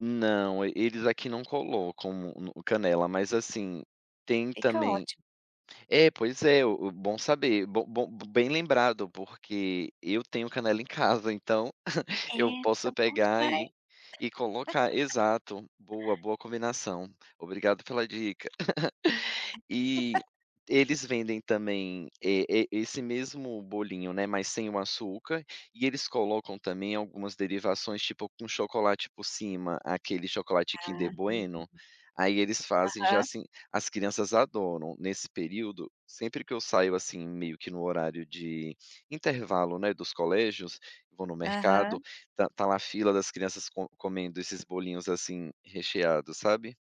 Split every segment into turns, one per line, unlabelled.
Não, e eles aqui não colocam um no canela. Mas assim, tem
Fica
também
ótimo.
É pois é, o o bom saber, bom bom bem lembrado porque eu tenho canela em casa, então,
É,
eu
fica
posso
bom
pegar
demais.
e e colocar, exato, boa boa combinação, obrigado pela dica. E eles vendem também, eh eh, esse mesmo bolinho, né, mas sem o açúcar, e eles colocam também algumas derivações, tipo, com chocolate por cima, aquele chocolate Kinder
Aham.
Bueno? Aí eles fazem já,
Aham.
assim as crianças adoram. Nesse período, sempre que eu saio, assim, meio que no horário de intervalo, né, dos colégios, vou no mercado,
Aham.
tá tá lá a fila das crianças co comendo esses bolinhos, assim, recheados, sabe?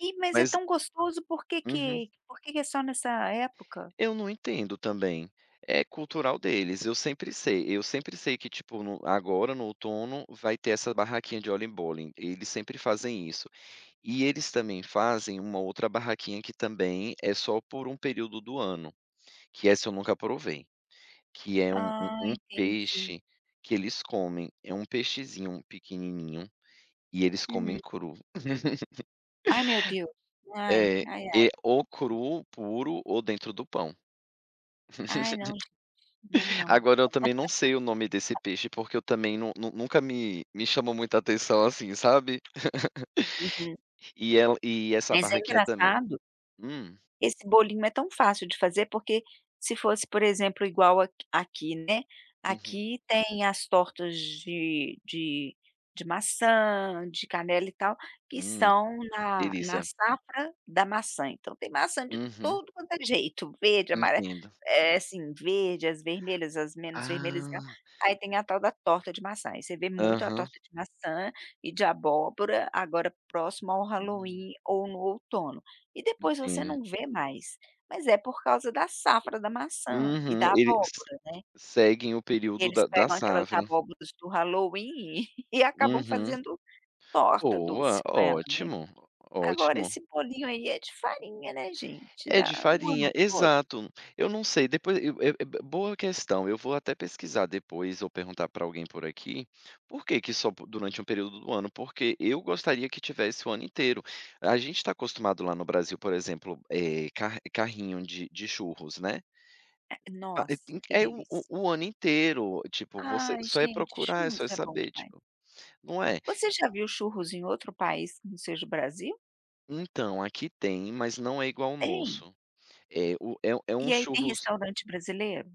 E mas é
Mas
tão gostoso por que
Uhum.
que por que que é só nessa época?
Eu não entendo também. É cultural deles, eu sempre sei eu sempre sei que tipo no agora no outono vai ter essa barraquinha de Oliebollen, eles sempre fazem isso. E eles também fazem uma outra barraquinha que também é só por um período do ano, que essa eu nunca provei, que é um um
Ah
um
entendi.
peixe que eles comem. É um peixezinho pequenininho, e eles comem
Hum.
cru.
Ai meu Deus, ai,
É,
ai
é
ai.
ou cru, puro ou dentro do pão.
Ai, não gente. Não, não.
Agora, eu também não sei o nome desse peixe porque eu também não não nunca me me chamou muita atenção assim, sabe?
Uhum.
E ela e essa
Mas é
barraquinha também
engraçado
Hum.
Esse bolinho é tão fácil de fazer porque, se fosse, por exemplo, igual a aqui, né?
Uhum.
Aqui tem as tortas de de de maçã, de canela e tal, que
Hum,
são na na
delícia.
safra da maçã. Então tem maçã de
Uhum.
tudo quanto é jeito, verde, amarela
Entendo.
é sim, verde, as vermelhas, as menos vermelhas e tal.
Ah.
Aí tem a tal da torta de maçã. Aí, você vê muito a
Aham.
torta de maçã e de abóbora, agora próximo ao
Hum.
Halloween ou no outono. E depois você
Entendo.
não vê mais. Mas é por causa da safra da maçã e
Uhum,
da
eles
abóbora, né?
seguem o período
Eles
da da
pegam aquelas
safra.
abóboras do halloween e e acabam
Uhum.
fazendo torta
Boa,
doce com ela, né?
ótimo,
Agora
ótimo.
esse bolinho aí é de farinha, né, gente?
É de
Dá o
farinha,
ano todo.
exato. Eu não sei depois eu eu é é boa questão, eu vou até pesquisar depois ou perguntar pra alguém por aqui, por que que só po durante um período do ano? Porque eu gostaria que tivesse o ano inteiro. A gente tá acostumado lá no Brasil, por exemplo, eh, ca carrinho de de churros, né?
É
Ah, i
Nossa, que
é o
delícia.
o ano inteiro, tipo, você
Ai
só é
gente,
procurar, é só
churros é bom
saber,
demais.
tipo. Não é?
Você já viu churros em outro país, que não seja o Brasil?
Então, aqui tem mas não é igual o
Tem?
nosso. É o é um é um
E aí tem
churros
restaurante brasileiro?